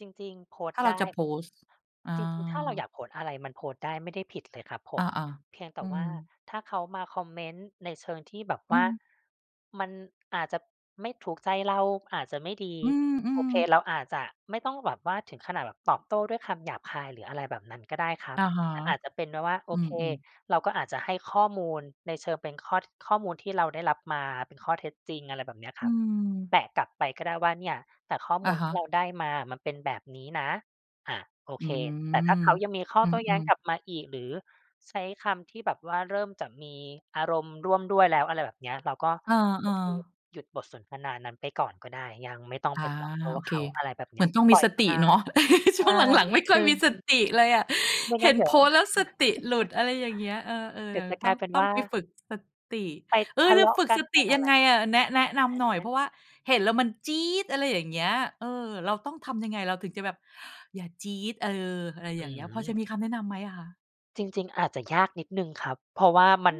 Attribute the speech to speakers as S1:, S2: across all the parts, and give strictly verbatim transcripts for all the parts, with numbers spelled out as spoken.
S1: จริง ๆ โพสต
S2: ถ้า
S1: ์
S2: เร
S1: ไ
S2: า
S1: ด้
S2: จะโพสต์ อ
S1: จริง ๆ ถ้าเราอย
S2: า
S1: ากโพสต์อะไรมันโพสต์ได้ ไม่ได้ผิดเลยครับผ
S2: อา
S1: ม เพียงแต
S2: ๆ อ
S1: ่
S2: ื
S1: ว่
S2: ม
S1: า ถ้าเขามาคอมเมนต์ในเชิงที่แบบ
S2: อื
S1: ว่า
S2: ม
S1: มันอาจจะไม่ถูกใจเรา อาจจะไม่ดี
S2: อื
S1: โอ
S2: ม
S1: เค เ
S2: ๆ
S1: ราอาจจะไม่ต้องแบบว่าถึงขนาดแบบตอบโต้ด้วยคำหยาบคาย หรืออะไรแบบนั้นก็ได้ครับ
S2: อะฮะ
S1: อาจจะเป็นไปว่า โอ
S2: อื
S1: เค
S2: ม ๆ
S1: เราก็อาจจะให้ข้อมูลในเชิงเป็นข้อ ท ข้อมูลที่เราได้รับมาเป็นข้อเท็จจริง อะไรแบบเนี้ย
S2: อ
S1: ค
S2: ื
S1: รับ แ
S2: ม
S1: ปะกลับไปก็ได้ว่าเนี่ย แต่ข้อม
S2: อ
S1: ู
S2: ะ
S1: ล
S2: ฮ
S1: ที่
S2: ะ
S1: เราได้มาอะมันเป็นแบบนี้นะ อา โอ
S2: อื
S1: เค แต่ถ้า
S2: ม
S1: เขายังมีข้อ
S2: อื
S1: โต้แย้ง
S2: ม ๆ
S1: กลับมาอีก หรือใช้คำที่แบบว่าเริ่มจะมีอารมณ์ร่วมด้วยแล้ว อะไรแบบเนี้ย เราก็
S2: อ
S1: โอ
S2: า
S1: เค
S2: ๆ
S1: หยุดบทสนทนานั้นไปก่อนก็ได้ ยังไม่ต้อง
S2: อ
S1: ไป
S2: า
S1: ตอบโต้
S2: โอ
S1: เ
S2: เค
S1: ขา อะไรแบบ
S2: เ
S1: เ
S2: ห
S1: น
S2: ม
S1: ี
S2: ื
S1: ้
S2: อ
S1: ย
S2: นต้องม
S1: ป
S2: ี
S1: ล่อย
S2: ส
S1: ผ
S2: ติ
S1: ่า
S2: เนา
S1: น
S2: ะ
S1: ใช
S2: ช่
S1: ่
S2: วงหลัง ๆ ไม่ค่
S1: อ
S2: อ
S1: ื
S2: ย
S1: อ
S2: มีสติเลยอะ
S1: ไม่
S2: เ
S1: ง
S2: ห
S1: ั้
S2: ็
S1: น
S2: น
S1: เดี๋
S2: โ
S1: ย
S2: พ
S1: ว
S2: สต์แล้วสติหลุด อะไรอย่างเงี้ย เออ ๆ
S1: เ
S2: เ
S1: ด
S2: ด
S1: ี
S2: ี
S1: ๋
S2: ๋
S1: ยว
S2: ยว
S1: จะก
S2: ต้
S1: ล
S2: อ
S1: า
S2: ง
S1: ยเป็น
S2: ต้อ
S1: ว
S2: ง
S1: ่
S2: ไป
S1: า
S2: ฝึก สติ
S1: ไป
S2: เอ
S1: ท
S2: อ
S1: ะ
S2: จ
S1: เ
S2: ะ
S1: ลาะ
S2: ฝึก
S1: กั
S2: ส
S1: น ไ
S2: ต
S1: ป
S2: ิ
S1: อ
S2: ย
S1: ะ
S2: ั
S1: ไ
S2: ง
S1: ร
S2: ไง
S1: ก
S2: อ
S1: ั
S2: ะ?
S1: น
S2: แนะ แนะนำหน่อ
S1: อ
S2: ย เพร
S1: า
S2: าะว่าเห็นแล้วมันจี๊ด อะไรอย่างเงี้ย เออ เราต้องทำยังไงเราถึงจะแบบอย่าจี๊ด เออ อะไร
S1: อ
S2: อ
S1: ื
S2: ย่างเงี้ย พอจะมี
S1: ม
S2: คำแนะนำไหมอะคะ?
S1: จริง ๆ อาจจะยากนิดหนึ่งครับ เพราะว่าม
S2: อื
S1: ัน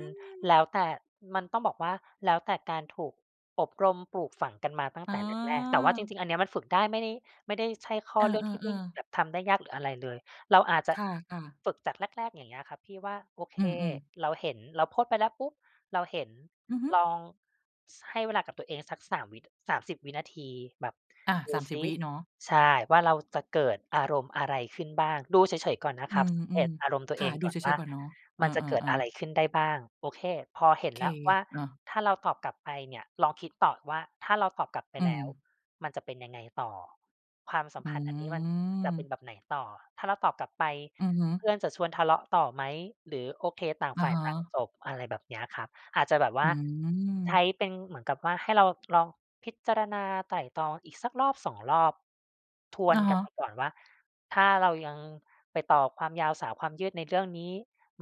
S1: แล
S2: ม
S1: ้วแต่ มันต้องบอกว่า แล้วแต่การถูก อบรมปลูกฝังกันมาตั้ง
S2: อ๋
S1: แต่แรก ๆ แต่ว่าจ
S2: อ
S1: ริง ๆ อันเนี้ยมันฝึกได้ ไม่ได้ ไม่ได้ ใช่ข้
S2: เ
S1: อ
S2: ออ
S1: เรื่องที่ไม่
S2: ๆ ๆ
S1: แบบทำได้ยากหรืออะไรเลย เราอาจจะ
S2: ค่ะ ๆ
S1: ฝึกจากแรก ๆ อย่างเงี้ยครับที่ว่า โอเค
S2: อืม ๆ
S1: เราเห็น เราโพสต์ไปแล้วปุ๊บ เราเห็น
S2: อือฮึ
S1: ลอง ส ให้เวลากับตัวเองสัก สาม วิ สามสิบ วินาที แบบ
S2: อา
S1: ด
S2: ส
S1: ู
S2: ามส
S1: ซ
S2: ิบ
S1: ิ
S2: วิเนาะ
S1: ใช่ ว่าเราจะเกิดอารมณ์อะไรขึ้นบ้าง ดูเฉย ๆ ก่อนนะ
S2: อื
S1: ครับ สังเก
S2: ม
S1: ตอารมณ์ตั
S2: ๆ
S1: ว
S2: ค
S1: เอ
S2: ่ะ
S1: ง
S2: ดู
S1: ก่อ
S2: เ
S1: น
S2: ฉ
S1: ว่า
S2: ย ๆ ก่อนเนาะ เออ
S1: มันจะเกิดอะไ
S2: ๆ
S1: ร
S2: ๆ
S1: ขึ้นได้บ้าง? โอเค พอเห็น
S2: เค
S1: แล้วว่า
S2: อา
S1: ถ้าเราตอบกลับไปเนี่ย ลองคิดต่อว่า ถ้าเราตอบกลับไป
S2: อื
S1: แล้ว
S2: ม
S1: มันจะเป็นยังไงต่อ ความสั
S2: อ
S1: ม
S2: ื
S1: พันธ์อันนี้มันจะเป็
S2: ม
S1: นแบบไหนต่อ? ถ้าเราตอบกลับไป
S2: อือฮึ
S1: เพื่อนจะชวนทะเลาะต่อไหม หรือ โอเค ต่าง
S2: อะ
S1: ฝ่า
S2: ฮ
S1: ยต่าง
S2: ะ
S1: จบ? อะไรแบบเนี้ยครับ อาจจะแบบว
S2: อ
S1: ่
S2: ื
S1: า ใช้
S2: ม
S1: เป็นเหมือนกับว่าให้เราลองพิจารณาไตร่ตรองอีกสัก รอบสอง รอบ ทว
S2: อ
S1: น
S2: ะฮ
S1: กัน
S2: ะ
S1: ไปก่อนว่า ถ้าเรายังไปต่อความยาวสาวความยืดในเรื่องนี้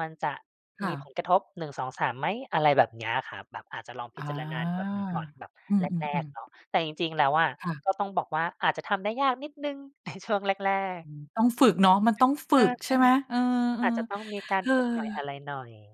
S1: มันจะ
S2: ค
S1: ม
S2: ่
S1: ี
S2: ะ
S1: ผลกระทบ หนึ่งสองสาม ไหม? อะไรแบบเนี้ยอะครับ แบบอาจจะลองพ
S2: อ
S1: ิ
S2: า
S1: จารณาแบบนี้ก่อนแบบ
S2: อื
S1: แรก
S2: ม
S1: ๆ เ
S2: ๆ
S1: น
S2: ๆ
S1: าะ แต่จริง ๆ แล้วอะ
S2: ค่ะ
S1: ก็ต้องบอกว่าอาจจะทำได้ยากนิดหนึ่ง ใน ช่วงแรก
S2: อ
S1: ๆ
S2: ือ ต้องฝึกเนาะ มันต้องฝึ
S1: ใช่
S2: กใช่ไหม? เออ
S1: ๆ อาจจะต้องมีการฝึกหน่อย
S2: ๆ
S1: อะไรหน่อย